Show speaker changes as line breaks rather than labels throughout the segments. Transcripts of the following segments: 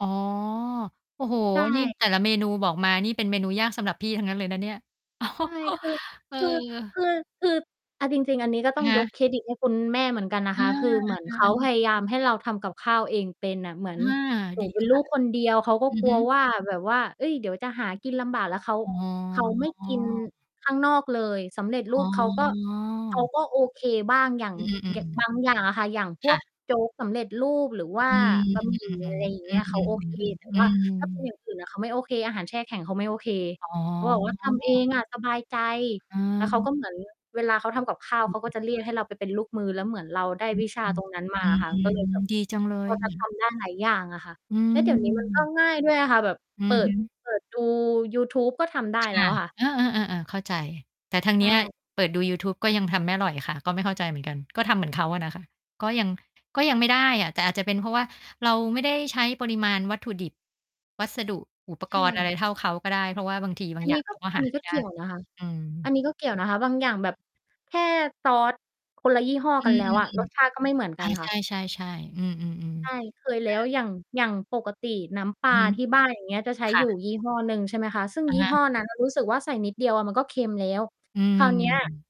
อ๋อ โอ้โฮ
ใช
นี่
่
แต่ละเมนูบอกมานี่เป็นเมนูยากสำหรับพี่ทั้งนั้นเลยนะเนี่ย
ใช่ คือ
เอ
คือ
อ
คือ คือเอาจริง ๆ อันนี้ก็ต
อ
้
ะ
อง
ฮ
ย
ะ
กเครดิตให้คุณแม่เหมือนกันนะ
อ
ค
า
ะ คือเหมือน
เอ
เ
อ
ข
อ
า
ัน
พยายามให้เราทำกับข้าวเองเป็นน่ะ เหมือ
อ
น
า
หน
ด
ู
ี
เป็
ค
นลู
่ะ
กคนเดียว เขาก็
อือ
กล
ฮ
ัว
ึ
ว่าแบบว่า เฮ้ย เดี๋ยวจะหากินลำบาก แล้วเขา
อ๋
เขาไม่กิน
อ
ข้างนอกเลย สำเร็จร
อ
ู
๋
ปเขาก็ เขา
อ
ก็โอเคบ้าง อย่าง
อือ ๆ อื
ย
ม
บางอย่างอะค่ะ อย่างพ
ค
ว
่
ก
ะ
โจ๊ก สำเร็จรูป หรือว่า
อื
บะหมี่ อะ
ม
ไรอย
ๆ
่าง
ๆ
เ
อ
ง
ื
ี้ย เขาโ
ม
อเค
ๆ
แต่
ๆ อื
ว่าถ้าเป็นอย
ม
่างอื่นน่ะ เขาไม่โอเค อาหารแช่แข็ง เขาไม่โอเค
อ๋
เขาบอกว่า "ทำเอ
อ
งอะสบายใจ"
อ
แล้วเขา
ืม
ก็ เหมือน เวลาเขาทำกับข้าว
เห็
เข
น
าก็
ด
จะเรี
้
ย
ว
กใ
ย
ห้เราไปเป็นลูกมือ แล้วเหมือนเราได้
อื
ว
อ
ิช
อ
า
ืม
ตรงนั้นมาอะค่ะ
อื
ก
ม
็เลยแบบ
ดีจังเล
พ
ย
อ
ค
จ
่
ะท
ะ
ำได้ หลายอย่างอะค่ะ
อื
แล้ว เดี๋ยวนี้ มันก็
ม
ง่ายด้วยอะค่ะ แบบ
อื
เป
อ
ิ
ฮ
ด
ึ
เปิดดู ยูทูบก็ทำได้
ค
แล้
่ะ
วอะค่ะ
เออ ๆ ๆ เข้าใจ แต่ทาง
ใ
เ
ช
นี้ย
่
เปิดดูยูทูบก็ยังทำไม่อร่อยค่ะ ก็ไม่เข้าใจเหมือนกัน ก็ทำเหมือนเขาอะนะคะ ก็ยัง ก็ยังไม่ได้อะ แต่อาจจะเป็นเพราะว่าเราไม่ได้ใช้ปริมาณวัตถุดิบ วัสดุอุป
ใช
กรณ์อะ
่
ไรเท่าเขาก็ได้ เพราะว่าบางที บา
อ
ง
ัน
อ
น
ย่า
ี้
ง
ก
เร
็
าก็
อ
ห
ัน
า
นี้
ไม
ก
่
็
ได
เ
้
กี่ยวนะคะ
อื
อั
ม
นนี้ก็ เกี่ยวนะคะ บางอย่างแบบ แค่ซอสคนละยี่ห้อ
อื
กันแล้วอะ ร
ม
สชา
ๆ
ติ ก็ไม่เหมือน
ๆ อ
ก
า
ันค
ใช
่ะ
่ ๆ ๆ อืม
ใช
ๆ
่
ๆ
เคยแล
อ
้ว
า
อย่าง อย่างปกติน้ำป
อื
ลา
อฮึ
ที่บ้าน อย่างเงี้ย จะใช้
ค่
อยู่
ะ
ยี่ห้อหนึ่ง ใช่ไหมคะ ซึ่ง
อะ
ยี่
ฮะ
ห้อนั้นน่ะรู้สึกว่า ใส่นิดเดียวอะมันก็เค็มแล้ว
อื
คราวเนี้ย
ม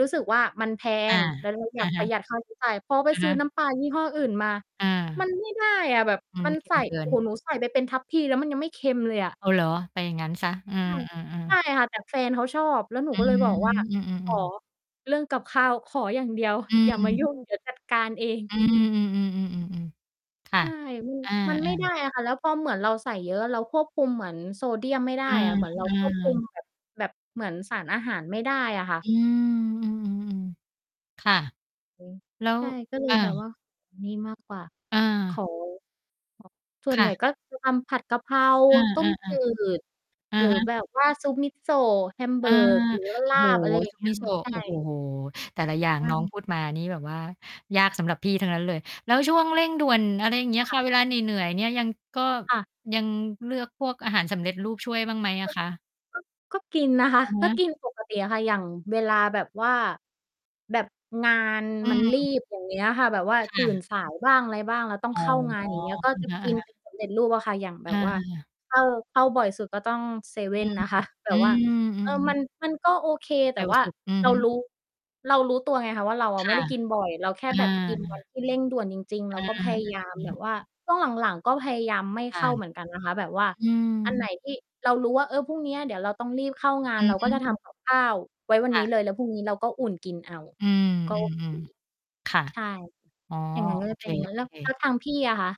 รู้สึกว่า มันแพ
อา
ง แล้วเราอย
อ
า
ะ
กป
ฮ
ระ
ะ
หยัดค่าใช้จ่าย พอไป
อะ
ซ
ฮ
ื้อ
ะ
น้ำปลายี่ห้ออื่นมา
อ
มั
า
นไม่ได้อะแบบ
อื
ม
ม
ัน
เค็
ใส
ม
่
เกิ
โอ้
น
โฮ หนูใส่ไปเป็นทัพพี แล้วมันยังไม่เค็มเลยอะ
อ้อ เหรอ? ไปอย่างงั้นเสีย เออ
ใช่ ใช
ๆ
่
ๆ
ค่ะ แต่แฟนเขาชอบ แล้วหนู
อื
ก็เลย บอกว่า
ม อือ
"ขอ
ๆ ๆ
เรื่องกับข้าว ขออย่าง เดียว
อ
อย่ามา
ืม
ยุ่ง เดี๋ยวจัดการ เอง"
อื
อือ
อ ๆ ๆ ๆ ๆ ค่
ใ
ะ
ช่ อือ
อา
มันไม่ได
ๆ
้อะค่ะ แล้วพอเหมือนเราใส่เยอะ เราควบคุมเหมือนโซเดียมไม่ได้
อา
อะเหมือนเรา ควบคุ
ๆ
มแบบ แบบเหมือนสารอาหารไม่ได้อะค่ะ
อืม อือ ๆ ค่ะ
อืม
แล้ว
ใช่ ก็เล
อ
ยแบบ
า
ว่านี่มาก กว่า
อ
ข
า
อ ส่
ค
วน
่
ใหญ่
ะ
ก็ คือ ทำผัดกะเพรา
เออ
ต้ม
ๆ
จืด
ๆ อะ
หรือ
ฮะ
แบบว่า ซุปมิโซะ
อา
Hamburg หรือว่าล
โอ้
า
โฮ
บ อะไรอย่
ซ
า
ุ
ง
ป
เงี้
มิ
ย
โซ
ค่ะ
ะ
ใช่
โอ้โฮ แต่ละอย่าง
ว่า
น้อง
ง
พูดมานี่แบบว่ายากสำหรับพี่ทั้งนั้นเลย แล้วช่วงเร่งด่วน อะไรอย่างเงี้ย
ค่
ค่
ะ
ะ เวลาเหนื่อย ๆ เนี่ยยัง ก็
ค่ะ
ยังเลือกพวกอาหารสำเร็จรูปช่วยบ้างไหมอ
ก
ะ
็
คะ?
ก็ ก็กินนะคะ
อะฮ
ก็
ะ
กินปกติอะค่ะ อย่างเวลาแบบว่าแบบงาน
อื
มันรี
ม
บ อย่างเงี้ย ค่ะ แบบว่า
ค
ต
่
ื่น
ะ
สายบ้างอะไรบ้าง เราต้อง
อ๋อ
เข้างาน อย่างงี้ แล้วก็จะ
อะ
กิน
ฮะ
เ
ๆ
ป็นสำเร็จรูปอะค่ะ อย่างแบ
อ
บว่า
า
เอ่อ เข้าบ่อยสุดก็ต้องเซเว่
อื
น
ม
นะคะ แต่
อื
ว่า
ม อื
เอ
อ
อ มั
ๆ
น มันก็โอเค แต
เ
่
ร็ว
ว่า
สุด อือ
เรา
ฮ
ร
ึ
ู้ เรารู้ตัวไงคะว่าเราอะ
ค
ไม่
่
ไ
ะ
ด้กินบ่อย เราแค่
อ
แบบกินวัน
า
ที่เร่งด่วนจริง ๆ เ
อ
รา
ะ
ก็
ฮ
พ
ะ
ยายาม
อื
แบบ
ม
ว่าช่วงหลัง ๆ ก็พยายามไม่
ค
เ
่
ข
ะ
้าเหมือนกันนะคะ แบบว่า
อื
อันไหน
ม
ที่เรารู้ว่า เออ พรุ่งนี้อะเดี๋ยวเราต้องรีบเข้างา
อ
น
ื
เร
อ
าก
ฮ
็
ึ
จะทำกับข้าวไว้วัน
ค
นี
่
้
ะ
เลย แล้วพรุ่งนี้เราก็อุ่นกินเอา
อือ
ก็
อื
โอเค
อ ๆ ค่ะ
ใช่
อ๋อ
อย่างงั้นเล
โอ
ย เ
เ
ป
ค
็นอย่างงั้น แล้
ๆ
วทางพี่อะคะ?